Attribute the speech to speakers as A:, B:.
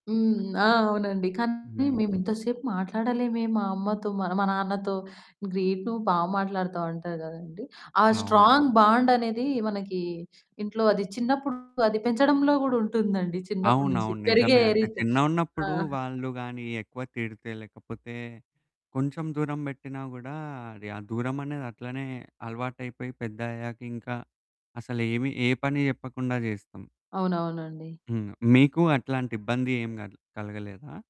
A: హ్మ్. ఆ! అవునండి. కానీ,
B: హుహు.
A: మేమింత సేపు మాట్లాడలేమే, మా అమ్మతో, మన మా నాన్నతో. గ్రేట్ నువ్వు బా మాట్లాడుతావంటారు గదండీ! ఆ
B: అవునా!
A: స్ట్రాంగ్ బాండనేది, మనకీ ఇంట్లో అది చిన్నప్పుడు అది పెంచడంలో గూడుంటుందండి, చిన్నప్పటి నుంచి.
B: అవునవును.
A: పెరిగే
B: నిజమే, అంటే
A: రీతు. ఆ!
B: చిన్నగున్నప్పుడు వాళ్ళు గాని ఎక్కువ తిడితే, లేకపోతే, కొంచెం దూరం బెట్టినా గూడా, అది ఆ దూరం అనేది అట్లనే అలవాటైపోయి, పెద్దయ్యాక ఇంకా అసలు ఏమి ఏ పని జెప్పకుండా జేస్తాం.
A: అవునవునండీ.
B: హ్మ్. ఆహ్, మీకు అట్లాంటి ఇబ్బంది ఏమి గల్ కలగలేదా?